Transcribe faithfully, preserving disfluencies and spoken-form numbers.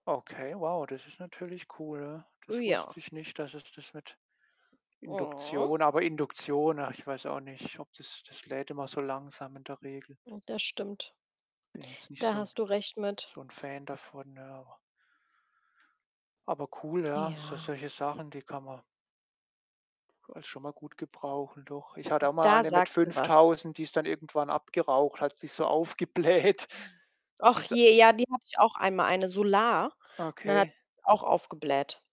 Okay, wow, das ist natürlich cool, ja. Äh, Das wusste ja. ich nicht, dass es das mit Mhm. Induktion aber Induktion, ach, ich weiß auch nicht, ob das das lädt immer so langsam in der Regel. Hm, das stimmt. Bin jetzt nicht Da so 'n hast du recht mit. so 'n Fan davon, ja, auch Aber cool, ja, so Ja. solche Sachen, die kann man als schon mal gut gebrauchen, doch. Ich hatte auch mal Da eine mit sagst du was. fünftausend, die ist dann irgendwann abgeraucht, hat sich so aufgebläht. Ach Ist da je, ja, die hatte ich auch einmal, eine Solar und dann hat Okay. die auch aufgebläht.